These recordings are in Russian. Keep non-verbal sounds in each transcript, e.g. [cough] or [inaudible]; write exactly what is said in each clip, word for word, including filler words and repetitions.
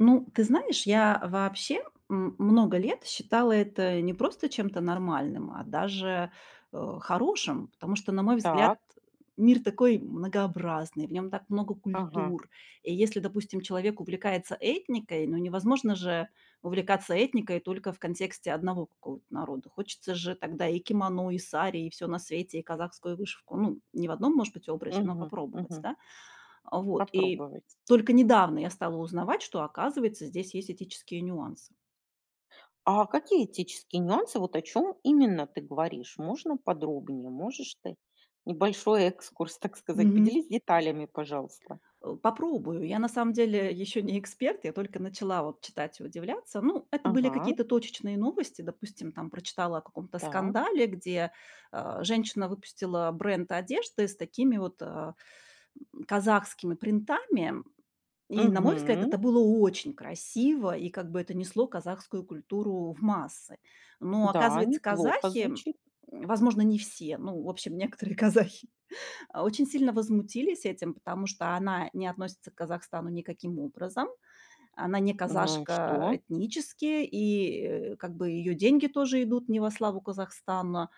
Ну, ты знаешь, я вообще, м, много лет считала это не просто чем-то нормальным, а даже, э, хорошим, потому что, на мой взгляд, Так. мир такой многообразный, в нём так много Ага. культур. И если, допустим, человек увлекается этникой, ну, невозможно же увлекаться этникой только в контексте одного какого-то народа. Хочется же тогда и кимоно, и сари, и всё на свете, и казахскую вышивку. Ну, не в одном, может быть, образе, но Мгм. попробовать. Мгм. Да? А вот. И Попробовать. только недавно я стала узнавать, что, оказывается, здесь есть этические нюансы. А какие этические нюансы? Вот о чём именно ты говоришь? Можно подробнее? Можешь ты небольшой экскурс, так сказать? Мгм. Поделись деталями, пожалуйста. Э, попробую. Я на самом деле ещё не эксперт, я только начала вот читать и удивляться. Ну, это были Ага. какие-то точечные новости. Допустим, там прочитала о каком-то Так. скандале, где, э, женщина выпустила бренд одежды с такими вот, э, м, казахскими принтами, м. И, на мой взгляд, Мгм. это было очень красиво, и как бы это несло казахскую культуру в массы. Но, Да, оказывается, неплохо казахи, м, звучит. возможно, не все, но, в общем, некоторые казахи, а, очень сильно возмутились этим, потому что она не относится к Казахстану никаким образом. Она не Ну и казашка что? этнически, и, э, как бы её деньги тоже идут не во славу Казахстана.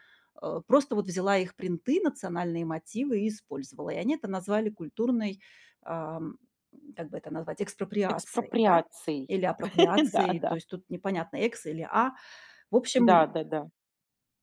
Э, просто вот взяла их принты, национальные мотивы и использовала. И они это назвали культурной, эм, м, как бы это назвать, экспроприацией, да, Экспроприацией. или [laughs] Да, апроприацией. То да. есть тут непонятно, "экс" или "а". В Да, общем да-да.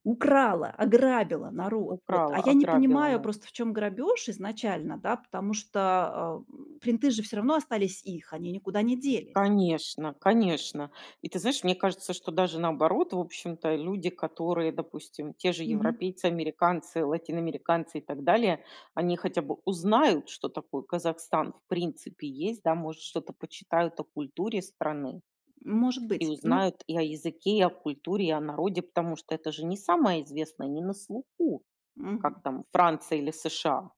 украла, ограбила народ. Вот. А Украла, я не ограбила, понимаю наверно. просто, в чём грабёж изначально, да, потому что, э, м, принты же всё равно остались их, они никуда не делись. Конечно, конечно. И ты знаешь, мне кажется, что даже наоборот, в общем-то люди, которые, допустим, те же Мгм. европейцы, американцы, латиноамериканцы и так далее, они хотя бы узнают, что такое Казахстан в принципе есть, да, может, что-то почитают о культуре страны М, может ...и быть. Ну узнают и о языке, и о культуре, и о народе, потому что это же не самое известное, не на слуху, как Мгм. там Франция или США.